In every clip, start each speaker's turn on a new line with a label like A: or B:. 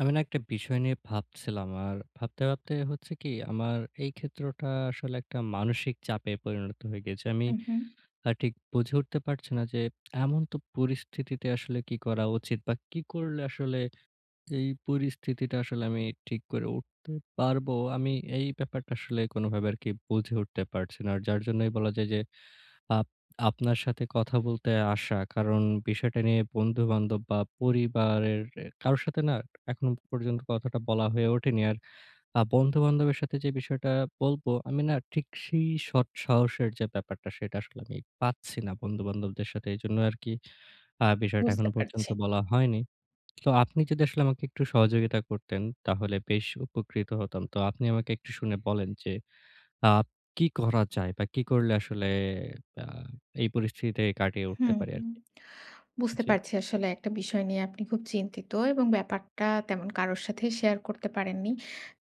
A: আমি না একটা বিষয় নিয়ে ভাবছিলাম। আর ভাবতে, ভাবতে হচ্ছে কী আমার এই ক্ষেত্রটা আসলে একটা মানসিক চাপে পরিণত হয়ে গেছে। আমি
B: উম হু।
A: ঠিক বুঝে উঠতে পারছি না যে, এমন তো পরিস্থিতিতে আসলে কী করা উচিত বা কী করলে আসলে এই পরিস্থিতিটা আসলে আমি ঠিক করে উঠতে পারবো? আমি এই ব্যাপারটা আসলে কোনোভাবে আরকি বুঝে উঠতে পারছি না। আর যার জন্যই বলা যায় যে আপ আপনার সাথে কথা বলতে আসা। কারণ বিষয়টা নিয়ে বন্ধু-বান্ধব বা পরিবারের কারো সাথে না এখনো পর্যন্ত কথাটা বলা হয়ে ওঠেনি। আর আ বন্ধুবান্ধবের সাথে যে বিষয়টা বলবো, আমি না ঠিক সেই সৎ সাহসের যে ব্যাপারটা সেটা আসলে আমি পাচ্ছি না বন্ধু-বান্ধবদের সাথে। এজন্য আরকি আ বিষয়টা
B: বুঝতে
A: এখনো
B: পারছি।
A: পর্যন্ত বলা হয়নি। তো আপনি যদি আসলে আমাকে একটু সহযোগিতা করতেন তাহলে বেশ উপকৃত হতাম। তো আপনি আমাকে একটু শুনে বলেন যে আব কী করা যায় বা কী করলে আসলে প্যা এই পরিস্থিতিতে কাটিয়ে উঠতে
B: হুম,
A: পারি
B: হু।
A: আরকি?
B: বুঝতে
A: জি।
B: পারছি আসলে একটা বিষয় নিয়ে আপনি খুব চিন্তিত এবং ব্যাপারটা তেমন কারোর সাথেই শেয়ার করতে পারেননি।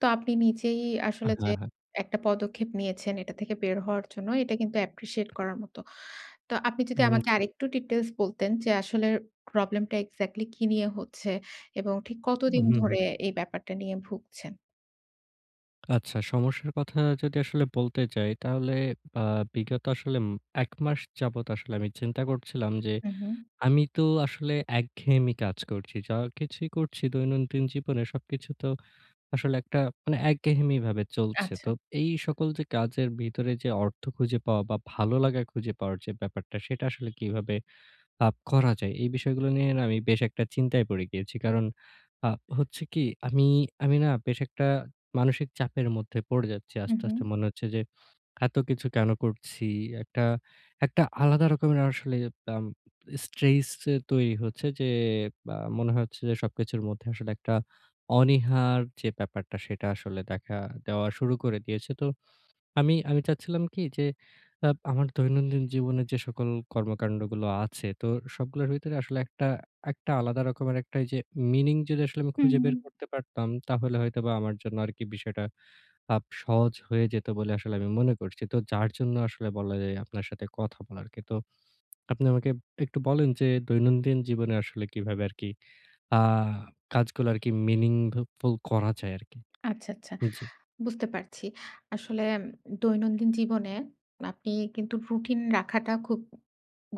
B: তো আপনি নিজেই
A: আ
B: আসলে যে
A: হ্যাঁ, হ্যাঁ।
B: একটা পদক্ষেপ নিয়েছেন এটা থেকে বের হওয়ার জন্য এটা কিন্তু অ্যাপ্রিশিয়েট করার মতো। তো আপনি যদি
A: হুম,
B: আমাকে
A: জি।
B: আরেকটু ডিটেইলস বলতেন যে আসলে প্রবলেম টা এক্সাক্টলি কী নিয়ে হচ্ছে এবং ঠিক
A: উম
B: কতদিন
A: হুম, হু।
B: ধরে এই ব্যাপারটা নিয়ে ভুগছেন?
A: আচ্ছা। সমস্যার কথা যদি আসলে বলতে চাই, তাহলে আ বিগত আসলে উম ১ মাস যাবত আসলে আমি চিন্তা করছিলাম যে
B: হুম, হুম।
A: আমি তো আসলে একঘেয়েমি কাজ করছি। যা কিছুই করছি দৈনন্দিন জীবনে, সবকিছু তো আসলে একটা মানে একঘেয়েমি ভাবে চলছে। তো
B: আচ্ছা।
A: এই সকল যে কাজের ভিতরে যে অর্থ খুঁজে পাওয়া বা, ভালো লাগা খুঁজে পাওয়ার যে ব্যাপারটা, সেটা আসলে কীভাবে আপ করা যায়। এই বিষয়গুলো নিয়ে না আমি বেশ একটা চিন্তায় পড়ে গিয়েছি। কারণ আ হচ্ছে কী, আমি, আমি না বেশ একটা মানসিক চাপের মধ্যে পড়ে যাচ্ছি।
B: হুম,
A: আস্তে,
B: হুম।
A: আস্তে মনে হচ্ছে যে এতকিছু কেন করছি? একটা, একটা আলাদা রকমের আসলে আম স্ট্রেস তৈরি হচ্ছে যে আ মনে হচ্ছে যে সবকিছুর মধ্যে আসলে একটা অনীহার যে ব্যাপারটা, সেটা আসলে দেখা দেওয়া শুরু করে দিয়েছে। তো আমি আমি চাচ্ছিলাম কী যে আপ আমার দৈনন্দিন জীবনে যে সকল কর্ম-কান্ডগুলো আছে, তো সবগুলোর ভিতরে আসলে একটা, একটা আলাদা রকমের একটা এই যে মিনিং যদি আসলে আমি
B: হুম,
A: খুঁজে বের
B: হুম।
A: করতে পারতাম, তাহলে হয়তোবা আমার জন্য আরকি বিষয়টা আপ সহজ হয়ে যেত বলে আসলে আমি মনে করছি। তো যার জন্য আসলে বলা যায় আপনার সাথে কথা বলার আরকি। তো আপনি আমাকে একটু বলেন যে দৈনন্দিন জীবনে আসলে কীভাবে আরকি আ কাজগুলো আরকি মিনিংফুল করা যায় আরকি।
B: আচ্ছা, আচ্ছা।
A: জি।
B: বুঝতে পারছি। আসলে দৈনন্দিন জীবনে আপনি কিন্তু রুটিন রাখাটা খুব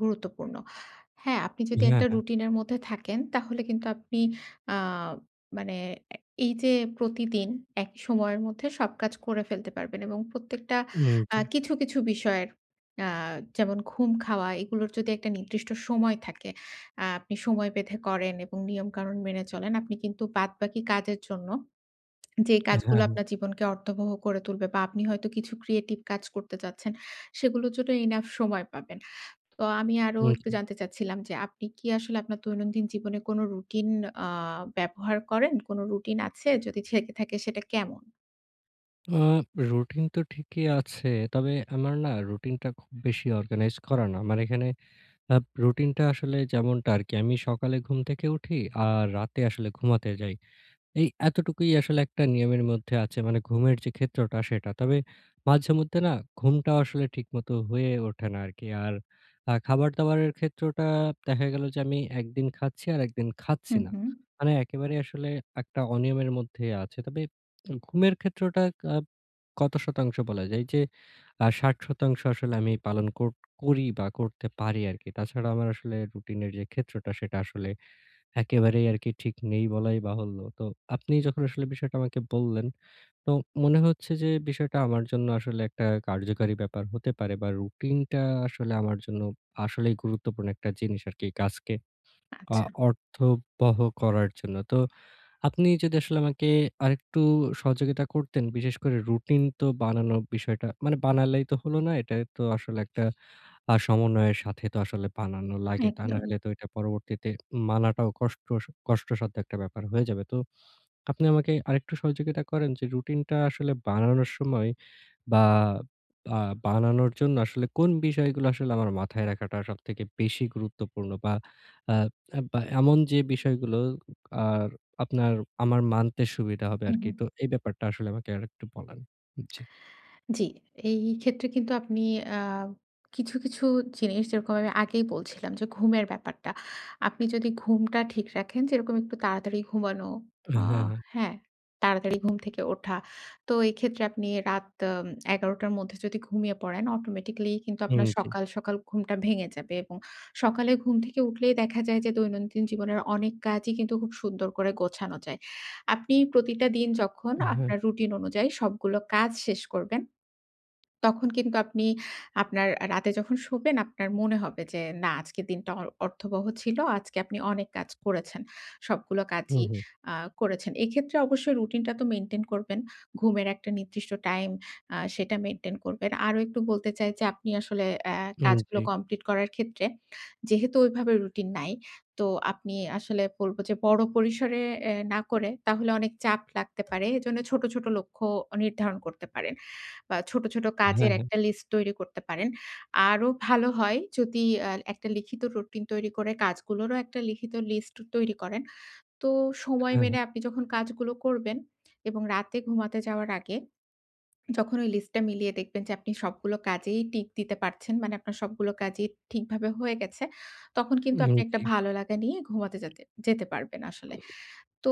B: গুরুত্বপূর্ণ। হ্যাঁ, আপনি যদি
A: হ্যাঁ,
B: একটা
A: হ্যাঁ।
B: রুটিনের মধ্যে থাকেন, তাহলে কিন্তু আপনি আ মানে অ্যা এই যে প্রতিদিন একই সময়ের মধ্যে সব কাজ করে ফেলতে পারবেন এবং প্রত্যেকটা
A: হুম,
B: অ্যা
A: জি।
B: কিছু, কিছু বিষয়ের, অ্যা যেমন ঘুম, খাওয়া, এগুলোর যদি একটা নির্দিষ্ট সময় থাকে, আ আপনি সময় বেঁধে করেন এবং নিয়ম-কানুন মেনে চলেন। আপনি কিন্তু বাদবাকি কাজের জন্য যে
A: হ্যাঁ,
B: কাজগুলা
A: হ্যাঁ
B: আপনার জীবনকে অর্থবহ করে তুলবে বা আপনি হয়তো কিছু ক্রিয়েটিভ কাজ করতে চাচ্ছেন। সেগুলোর জন্য ইনাফ সময় পাবেন। তো আমি আরো
A: হুম,
B: একটু
A: জি।
B: জানতে চাচ্ছিলাম যে আপনি কি আসলে আপনার দৈনন্দিন জীবনে কোনো রুটিন আ ব্যবহার করেন? কোনো রুটিন আছে? যদি ছেকে থাকে, সেটা কেমন?
A: আ রুটিন তো ঠিকই আছে। তবে আমার না রুটিনটা খুব বেশি অর্গানাইজ করা না। আমার এখানে আ রুটিনটা আসলে যেমনটা আর কি। আমি সকালে ঘুম থেকে উঠি আর রাতে আসলে ঘুমাতে যাই। এই এতটুকুই আসলে একটা নিয়মের মধ্যে আছে। মানে ঘুমের যে, ক্ষেত্রটা সেটা। তবে মাঝেমধ্যে না ঘুমটা আসলে ঠিকমতো হয়ে ওঠে না আর কি। আর আ খাবার-দাবারের ক্ষেত্রটা দেখা গেল যে, আমি ১ দিন খাচ্ছি আর ১ দিন
B: হু,
A: খাচ্ছি না।
B: হুম।
A: মানে একেবারে আসলে একটা অনিয়মের মধ্যে আছে। তবে ঘুমের ক্ষেত্রটা আ কত শতাংশ বলা যায় এই যে, আ ৬০ শতাংশ আসলে আমি পালন কো করি বা করতে পারি আর কি। তাছাড়া আমার আসলে রুটিনের যে, ক্ষেত্রটা সেটা আসলে একেবারেই আর কি ঠিক নেই বলাই বাহুল্য। তো আপনি যখন আসলে বিষয়টা আমাকে বললেন, তো মনে হচ্ছে যে, বিষয়টা আমার জন্য আসলে একটা কার্যকারী ব্যাপার হতে পারে। বা রুটিনটা আসলে আমার জন্য আসলেই গুরুত্বপূর্ণ একটা জিনিস আর কি কাজকে আ
B: আচ্ছা।
A: অর্থবহ করার জন্য। তো আপনি যদি আসলে আমাকে আরেকটু সহযোগিতা করতেন, বিশেষ করে রুটিন তো বানানোর বিষয়টা মানে বানালেই তো হলো না। এটাই তো আসলে একটা সমন্বয়ের সাথে তো আসলে বানানো লাগে। তা
B: একদম।
A: নাহলে তো এটা পরবর্তীতে মানাটাও কষ্ট কষ্টসাধ্য একটা ব্যাপার হয়ে যাবে। তো আপনি আমাকে আরেকটু সহযোগিতা করেন, যে, রুটিনটা আসলে বানানোর সময় বা বানানোর জন্য আসলে কোন বিষয়গুলো আসলে আমার মাথায় রাখাটা সবথেকে বেশি গুরুত্বপূর্ণ। বা অ্যা এমন যে, বিষয়গুলো আর আপনার আমার মানতে সুবিধা হবে
B: হু,
A: আর কি।
B: হুম।
A: তো এই ব্যাপারটা আসলে আমাকে আরেকটু বলেন। ভ জ্বী।
B: জ্বী। এই ক্ষেত্রে কিন্তু আপনি আ কিছু, কিছু জিনিস যেরকম আমি আগেই বলছিলাম যে, ঘুমের ব্যাপারটা। আপনি যদি ঘুমটা ঠিক রাখেন যেরকম একটু তাড়াতাড়ি ঘুমানো, আ
A: হ্যাঁ, হ্যাঁ।
B: হ্যাঁ, তাড়াতাড়ি ঘুম থেকে ওঠা। তো এক্ষেত্রে আপনি রাত এম ১১ টার মধ্যে যদি ঘুমিয়ে পড়েন, অটোমেটিক্যালি কিন্তু
A: হুম,
B: আপনার
A: জ্বী।
B: সকাল, সকাল ঘুমটা ভেঙে যাবে। এবং সকালে ঘুম থেকে উঠলেই দেখা যায় যে, দৈনন্দিন জীবনের অনেক কাজই কিন্তু খুব সুন্দর করে গোছানো যায়। আপনি প্রতিটা দিন যখন
A: অ্যাম হ্যাঁ।
B: আপনার রুটিন অনুযায়ী সবগুলো কাজ শেষ করবেন। তখন কিন্তু আপনি আপনার রাতে যখন শোবেন আপনার মনে হবে যে, না আজকের দিনটা অর্থবহ ছিল। আজকে আপনি অনেক কাজ করেছেন। সবগুলো
A: হু,
B: কাজই
A: হুম।
B: আ করেছেন। এক্ষেত্রে অবশ্যই রুটিন টা তো মেইনটেইন করবেন। ঘুমের একটা নির্দিষ্ট টাইম আ সেটা মেইনটেইন করবেন। আরো একটু বলতে চাই যে, আপনি আসলে অ্যা
A: উম
B: কাজগুলো
A: জ্বী।
B: কমপ্লিট করার ক্ষেত্রে, যেহেতু ওইভাবে রুটিন নাই। তো আপনি আসলে বলব যে, বড় পরিসরে এ না করে তাহলে অনেক চাপ লাগতে পারে। এজন্য ছোট, ছোট লক্ষ্য নির্ধারণ করতে পারেন। বা ছোট, ছোট
A: হ্যাঁ,
B: কাজের
A: হ্যাঁ।
B: একটা লিস্ট তৈরি করতে পারেন। আরো ভালো হয় যদি অ্যা একটা লিখিত রুটিন তৈরি করে কাজগুলোরও একটা লিখিত লিস্ট তৈরি করেন। তো সময়
A: হ্যাঁ, হ্যাঁ।
B: মেনে আপনি যখন কাজগুলো করবেন। এবং রাতে ঘুমাতে যাওয়ার আগে, যখন ওই লিস্টটা মিলিয়ে দেখবেন যে, আপনি সবগুলো কাজেই টিক দিতে পারছেন। মানে আপনার সবগুলো কাজেই ঠিকভাবে হয়ে গেছে। তখন কিন্তু
A: উম
B: আপনি একটা
A: জ্বী।
B: ভালো লাগা নিয়ে ঘুমাতে যাতে যেতে পারবেন আসলে। তো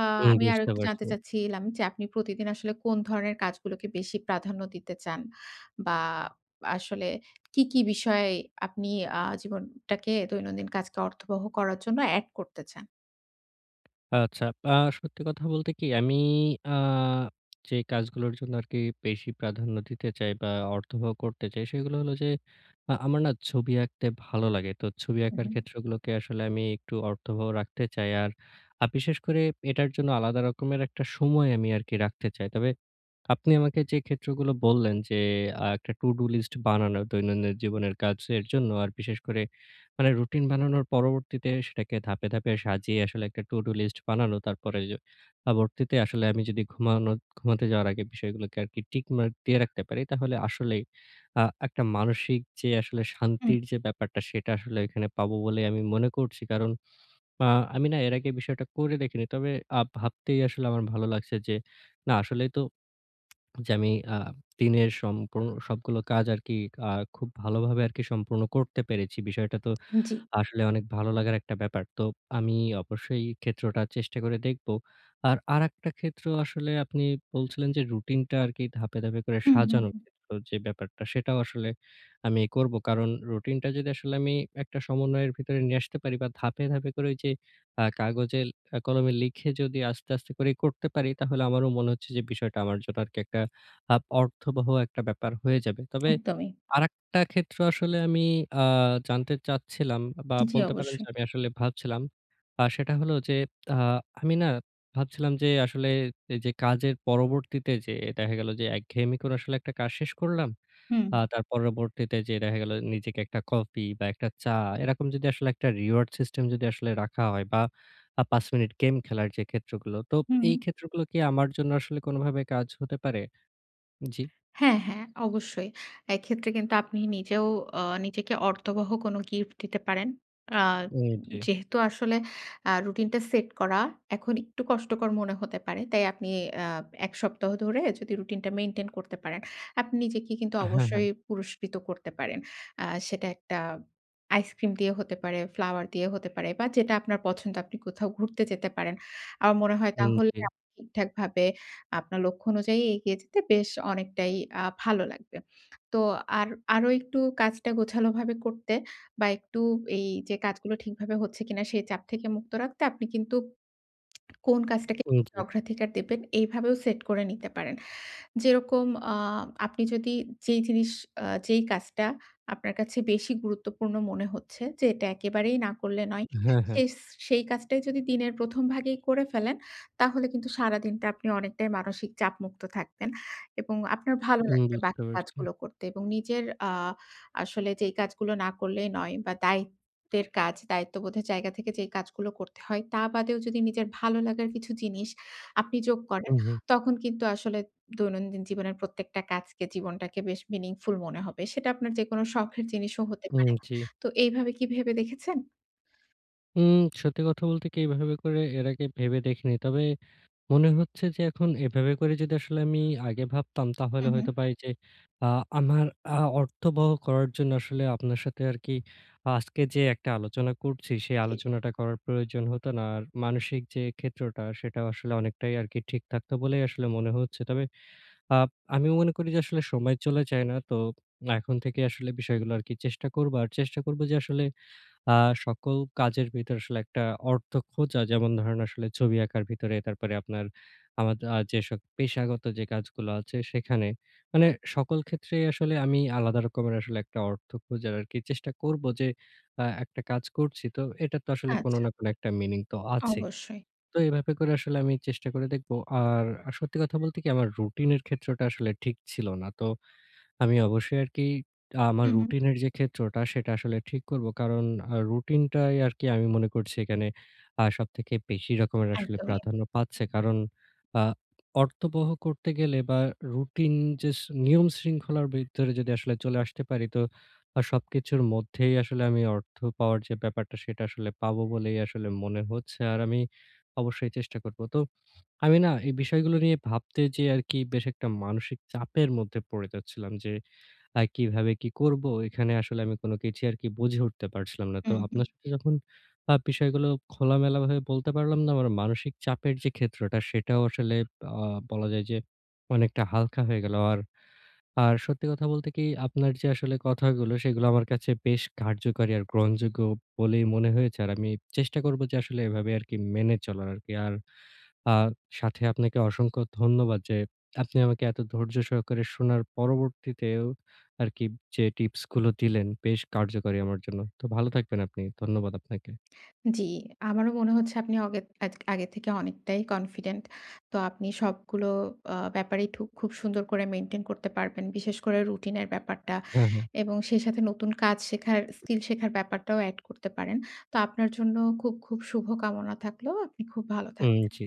B: আ
A: হু,
B: আমি আরো
A: বুঝতে
B: একটু জানতে
A: পারছি।
B: চাচ্ছি লাম যে, আপনি প্রতিদিন আসলে কোন ধরনের কাজগুলোকে বেশি প্রাধান্য দিতে চান? বা আসলে কী, কী বিষয়ে আপনি আ জীবন টাকে দৈনন্দিন কাজকে অর্থবহ করার জন্য অ্যাড করতে চান?
A: আচ্ছা। আ সত্যি কথা বলতে কি আমি আ যে কাজগুলোর জন্য আরকি বেশি প্রাধান্য দিতে চাই বা অর্থবহ করতে চাই সেগুলো হলো যে আ আমার না ছবি আঁকতে ভালো লাগে। তো ছবি
B: হুম,
A: আঁকার
B: হুম।
A: ক্ষেত্রগুলোকে আসলে আমি একটু অর্থবহ রাখতে চাই। আর আ বিশেষ করে এটার জন্য আলাদা রকমের একটা সময় আমি আরকি রাখতে চাই। তবে আপনি আমাকে যে ক্ষেত্রগুলো বললেন যে, আ একটা টু ডু লিস্ট বানানো দৈনন্দিন জীবনের কাজের জন্য আর বিশেষ করে মানে রুটিন বানানোর পরবর্তীতে সেটাকে ধাপে, ধাপে সাজিয়ে আসলে একটা টু ডু লিস্ট বানানো। তারপরে এই যে পরবর্তীতে আসলে আমি যদি ঘুমানো ঘুমাতে যাওয়ার আগে বিষয়গুলোকে আরকি টিক মার্ক দিয়ে রাখতে পারি তাহলে আসলেই আ একটা মানসিক যে আসলে
B: হুম।
A: শান্তির যে ব্যাপারটা সেটা আসলে এখানে পাবো বলে আমি মনে করছি। কারণ আ আমি না এর আগে বিষয়টা করে দেখিনি। তবে আ ভাবতেই আসলে আমার ভালো লাগছে যে না আসলেই তো যে আমি আ দিনের সম্পূর্ণ সবগুলো কাজ আরকি আ খুব ভালোভাবে আরকি সম্পূর্ণ করতে পেরেছি। বিষয়টা তো
B: জী।
A: আসলে অনেক ভালো লাগার একটা ব্যাপার। তো আমি অবশ্যই এই ক্ষেত্রটা চেষ্টা করে দেখবো। আর আরেকটা ক্ষেত্র আসলে আপনি বলছিলেন যে রুটিনটা আরকি ধাপে, ধাপে করে
B: হুম, হুম,
A: সাজানোর
B: হুম।
A: ক্ষেত্র যে ব্যাপারটা সেটাও আসলে আমি করবো। কারণ রুটিনটা যদি আসলে আমি একটা সমন্বয়ের ভিতরে নিয়ে আসতে পারি বা ধাপে, ধাপে করে ওই যে আ কাগজে কলমে লিখে যদি আস্তে, আস্তে করে করতে পারি, তাহলে আমারও মনে হচ্ছে যে বিষয়টা আমার জন্য আর একটা আ অর্থবহ একটা ব্যাপার হয়ে যাবে। তবে
B: একদমই।
A: আরেকটা ক্ষেত্রে আসলে আমি আ জানতে চাচ্ছিলাম বা
B: জী
A: বলতে পারেন যে
B: অবশ্যই।
A: আমি আসলে ভাবছিলাম আ সেটা হলো যে, আ-ট আমি না ভাবছিলাম যে আসলে যে কাজের পরবর্তীতে যে দেখা গেল যে একঘেয়েমি করে আসলে একটা কাজ শেষ করলাম।
B: হুম।
A: আ তার পরবর্তীতে যেয়ে দেখা গেল নিজেকে একটা কফি বা একটা চা এরকম যদি আসলে একটা রিওয়ার্ড সিস্টেম যদি আসলে রাখা হয় বা আ ৫ মিনিট গেম খেলার যে ক্ষেত্রগুলো। তো
B: হুম,
A: এই
B: হুম।
A: ক্ষেত্রগুলো কি আমার জন্য আসলে কোনভাবে কাজ হতে পারে? জি।
B: হ্যাঁ, হ্যাঁ অবশ্যই। এক্ষেত্রে কিন্তু আপনি নিজেও অ নিজেকে অর্থবহ কোন গিফট দিতে পারেন। আ
A: উম জি।
B: যেহেতু আসলে আ রুটিন টা সেট করা এখন একটু কষ্টকর মনে হতে পারে। তাই আপনি আ ১ সপ্তাহ ধরে যদি রুটিনটা মেইনটেইন করতে পারেন আপনি নিজেকে কিন্তু
A: হ্যাঁ, হ্যাঁ।
B: অবশ্যই পুরস্কৃত করতে পারেন। অ্যা সেটা একটা আইসক্রিম দিয়ে হতে পারে, ফ্লাওয়ার দিয়ে হতে পারে বা যেটা আপনার পছন্দ আপনি কোথাও ঘুরতে যেতে পারেন। আমার মনে হয়
A: হুম,
B: তাহলে
A: জি।
B: আপনি ঠিকঠাকভাবে আপনার লক্ষ্য অনুযায়ী এগিয়ে যেতে বেশ অনেকটাই আ ভালো লাগবে। তো আর আরো একটু কাজটা গোছালোভাবে করতে বা একটু এই যে কাজগুলো ঠিকভাবে হচ্ছে কিনা সেই চাপ থেকে মুক্ত রাখতে আপনি কিন্তু কোন কাজটাকে [unintelligible]
A: উম জী।
B: অগ্রাধিকার দেবেন এইভাবেও সেট করে নিতে পারেন। যেরকম অ আপনি যদি যেই জিনিস অ্যা যেই কাজটা আপনার কাছে বেশি গুরুত্বপূর্ণ মনে হচ্ছে যে এটা একেবারেই না করলে নয়।
A: হ্যাঁ, হ্যাঁ।
B: সেই এস কাজটাই যদি দিনের ১ম ভাগেই করে ফেলেন তাহলে কিন্তু সারাদিনটা আপনি অনেকটাই মানসিক চাপমুক্ত থাকতেন এবং আপনার ভালো
A: হুম,
B: লাগবে
A: বুঝতে
B: বাকি
A: পারছি।
B: কাজগুলো করতে এবং নিজের আ আসলে যেই কাজগুলো না করলেই নয় বা দায়িত্বের কাজ, দায়িত্ববোধের জায়গা থেকে যেই কাজগুলো করতে হয় তা বাদেও যদি নিজের ভালো লাগার কিছু জিনিস আপনি যোগ করেন,
A: উহুম।
B: তখন কিন্তু আসলে দৈনন্দিন জীবনের প্রত্যেকটা কাজকে জীবনটাকে বেশ মিনিংফুল মনে হবে। সেটা আপনার যেকোনো শখের জিনিসও হতে
A: উম
B: পারে।
A: জি।
B: তো এইভাবে কি ভেবে দেখেছেন?
A: উম সত্যি কথা বলতে কি এইভাবে করে এর আগে ভেবে দেখিনি তবে, মনে হচ্ছে যে এখন এভাবে করে যদি আসলে আমি আগে ভাবতাম তাহলে
B: হুম, হুম।
A: হয়তো পারি যে আ আমার আ অর্থবহ করার জন্য আসলে আপনার সাথে আর কি আজকে যে একটা আলোচনা করছি সেই
B: জি, জি।
A: আলোচনাটা করার প্রয়োজন হতো না। আর মানসিক যে ক্ষেত্রটা সেটাও আসলে অনেকটাই আর কি ঠিক থাকতো বলেই আসলে মনে হচ্ছে। তবে আপ আমি মনে করি যে আসলে সময় চলে যায় না, তো এখন থেকেই আসলে বিষয়গুলো আর কি চেষ্টা করবো। আর চেষ্টা করব যে আসলে আ সকল কাজের ভিতরে আসলে একটা অর্থ খোঁজা। যেমন ধরেন আসলে ছবি আঁকার ভিতরে তারপরে আপনার আ আমার আ যেসব পেশাগত যে কাজগুলো আছে সেখানে মানে সকল ক্ষেত্রেই আসলে আমি আলাদা রকমের একটা অর্থ খোঁজার আরকি চেষ্টা করব। যে আ একটা কাজ করছি। তো এটা তো আসলে কোন
B: আচ্ছা।
A: না কোন একটা মিনিং তো আছেই।
B: অবশ্যই।
A: তো এভাবে করে আসলে আমি চেষ্টা করে দেখব। আর আ সত্যি কথা বলতে কি, আমার রুটিনের ক্ষেত্রটা আসলে ঠিক ছিল না। তো আমি অবশ্যই আরকি আমার
B: হুম, হুম।
A: রুটিনের যে ক্ষেত্রটা সেটা আসলে ঠিক করব। কারণ আ রুটিনটাই আরকি আমি মনে করছি এখানে আ সবথেকে বেশি রকমের আসলে
B: একদমই।
A: প্রাধান্য পাচ্ছে। কারণ আ অর্থবহ করতে গেলে বা রুটিন যে শ নিয়ম শৃঙ্খলার বিরুদ্ধর যদি আসলে চলে আসতে পারি তো আ সবকিছুর মধ্যেই আসলে আমি অর্থ পাওয়ার যে ব্যাপারটা সেটা আসলে পাবো বলেই আসলে মনে হচ্ছে। আর আমি অবশ্যই চেষ্টা করব। তো আমি না এই বিষয়গুলো নিয়ে ভাবতে যেয়ে আরকি বেশ একটা মানসিক চাপের মধ্যে পড়ে যাচ্ছিলাম, যে আ কিভাবে কি করবো? এখানে আসলে আমি কোন কিছুই আরকি বুঝে উঠতে পারছিলাম না। তো
B: হুম, হুম।
A: আপনার সাথে যখন আ বিষয়গুলো খোলামেলাভাবে বলতে পারলাম না, আমার মানসিক চাপের যে ক্ষেত্রটা সেটাও আসলে আ বলা যায় যে অনেকটা হালকা হয়ে গেল। আর আর, সত্যি কথা বলতে কি আপনার যে আসলে কথাগুলো সেগুলো আমার কাছে বেশ কার্যকারী আর গ্রহণযোগ্য বলেই মনে হয়েছে। আর আমি চেষ্টা করব যে আসলে এভাবে আরকি মেনে চলার আরকি। আর আ সাথে আপনাকে অসংখ্য ধন্যবাদ যে আপনি আমাকে এত ধৈর্যসহকারে শোনার পরবর্তীতেও আরকি যে টিপস গুলো দিলেন, বেশ কার্যকরী আমার জন্য। তো ভালো থাকবেন আপনি। ধন্যবাদ আপনাকে।
B: জি। আমারও মনে হচ্ছে আপনি অগে আগে থেকে অনেকটাই কনফিডেন্ট। তো আপনি সবগুলো আ ব্যাপারেই থুক খুব সুন্দর করে মেইনটেইন করতে পারবেন। বিশেষ করে রুটিনের ব্যাপারটা।
A: হ্যা, হ্যা।
B: এবং সেই সাথে নতুন কাজ শেখার স্কিল শেখার ব্যাপারটাও এড করতে পারেন। তো আপনার জন্য খুব, খুব, শুভ কামনা থাকলো আপনি খুব ভালো
A: হুম,
B: থাকবেন।
A: জি।